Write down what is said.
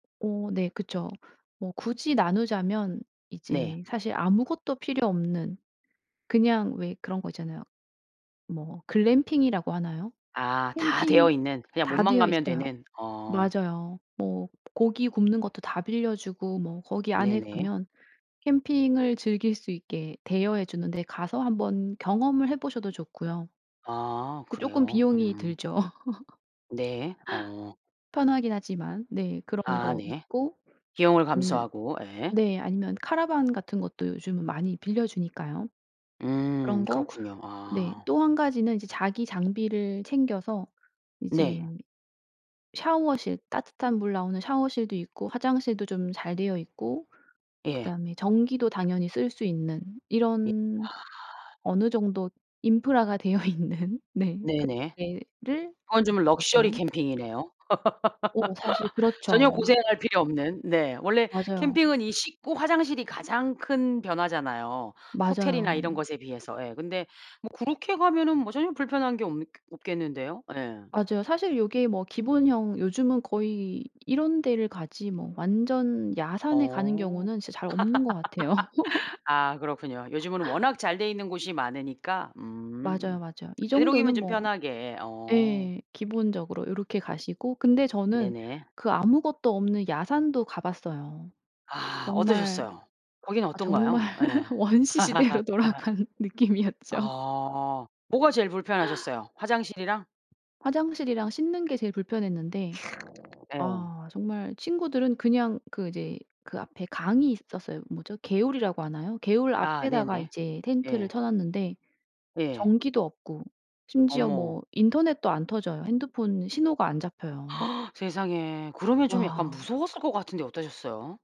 어 네. 그쵸. 뭐 굳이 나누자면 네. 이제 사실 아무것도 필요 없는 그냥 왜 그런 거 있잖아요. 뭐 글램핑이라고 하나요? 아. 다 캠핑 되어 있는, 그냥 다 몸만 되어 가면 있어요. 되는 어. 맞아요. 뭐 고기 굽는 것도 다 빌려주고 뭐 거기 안에 네네. 가면 캠핑을 즐길 수 있게 대여해 주는 데 가서 한 번 경험을 해 보셔도 좋고요. 아 근데 쪼끔 그래요? 비용이 음. 들죠. 네. 어. 편하긴 하지만 네. 그런 아 거 네. 있고 비용을 아니면 감수하고 예. 네 아니면 카라반 같은 것도 요즘은 많이 빌려주니까요. 그런 음. 거 그렇군요. 네. 아. 또 한 가지는 이제 자기 장비를 챙겨서 이제 네. 샤워실 따뜻한 물 나오는 샤워실도 있고 화장실도 좀 잘 되어 있고 예. 그다음에 전기도 당연히 쓸 수 있는 예 이런 아. 어느 정도 인프라가 되어 있는 네 그런 네네. 데를 그건 좀 가면 럭셔리 되고요. 캠핑이네요. 어 사실 전혀 그렇죠. 고생할 필요 없는 네. 원래 맞아요. 캠핑은 이 씻고 화장실이 가장 큰 변화잖아요 호텔이나 맞아요. 이런 것에 비해서 예. 근데 뭐 그렇게 가면은 뭐 전혀 불편한 게 없 없겠는데요. 예. 맞아요. 사실 요게 뭐 기본형 요즘은 거의 이런 데를 가지 뭐 완전 야산에 가는 어. 경우는 진짜 잘 없는 것 같아요. 아 그렇군요. 요즘은 워낙 잘 돼 있는 곳이 많으니까 맞아요, 음. 맞아요. 이 되도록이면 정도는 좀 뭐 편하게 어. 예. 기본적으로 요렇게 가시고 근데 저는 네네. 그 아무것도 없는 야산도 가 봤어요. 아. 정말 어떠셨어요? 거기는 아 정말 어떤가요? 예. 원시 시대로 돌아간 느낌이었죠. 아. 뭐가 제일 불편하셨어요? 화장실이랑? 화장실이랑 씻는 게 제일 불편했는데 예. 아 정말 친구들은 그냥 그 이제 그 앞에 강이 있었어요. 뭐죠? 개울이라고 하나요? 개울 아 앞에다가 네네. 이제 텐트를 예. 쳐 놨는데 예. 전기도 없고 심지어 어머. 뭐 인터넷도 안 터져요. 핸드폰 신호가 안 잡혀요. 세상에. 그러면 좀 약간 와. 무서웠을 것 같은데 어떠셨어요?